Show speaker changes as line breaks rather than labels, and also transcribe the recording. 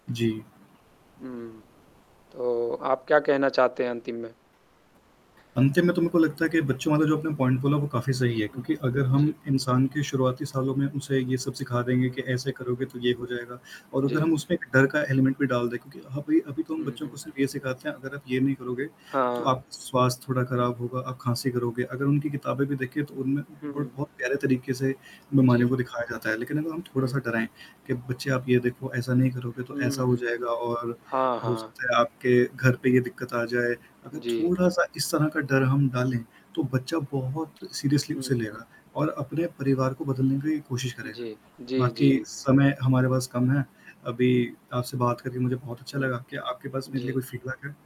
जी।
हुँ। तो आप क्या कहना चाहते हैं अंतिम में?
अंत में तो मेरे को लगता है कि बच्चों वाला जो अपने पॉइंट बोला, वो काफ़ी सही है,
जी,
क्योंकि अगर हम
जी।
इंसान के शुरुआती सालों में उसे ये सब सिखा देंगे,
हुँ,
कि ऐसे करोगे
हुँ।
तो ये हो जाएगा और अगर
जी।
हम उसमें एक डर का एलिमेंट भी डाल दें, क्योंकि ह अभी अभी तो हम
हुँ,
बच्चों को
हुँ।
सिर्फ़ ये सिखाते हैं, अगर आप ये नहीं करोगे, तो
हाँ।
आप स्वास्थ्य थोड़ा खराब होगा, आप खाँसी करोगे। अगर उनकी किताबें भी देखें, तो उनमें
हुँ,
बट
हुँ।
बहुत प्यारे तरीके से
जी।
मनमानियों दिखाया जाता है, लेकिन अगर हम थोड़ा-सा
हुँ।
डराएँ, कि, "बच्चे आप ये देखो ऐसा नहीं करोगे तो
हुँ,
ऐसा हो
हुँ, हुँ।
जाएगा और
हाँ,
हो
हाँ।
सकता है आपके घर पे ये दिक्कत आ जाए।" अगर
जी।
थोड़ा-सा इस तरह का डर हम डालें, तो बच्चा बहुत सीरियसली
हुँ,
उसे
हुँ।
लेगा और अपने परिवार को बदलने की कोशिश करेगा।
जी, जी,
बाकी
जी।
समय हमारे पास कम है, अभी आपसे बात करके मुझे बहुत अच्छा
हुँ।
लगा, क्या आपके पास मेरे लिए कोई
जी।
फ़ीडबैक है?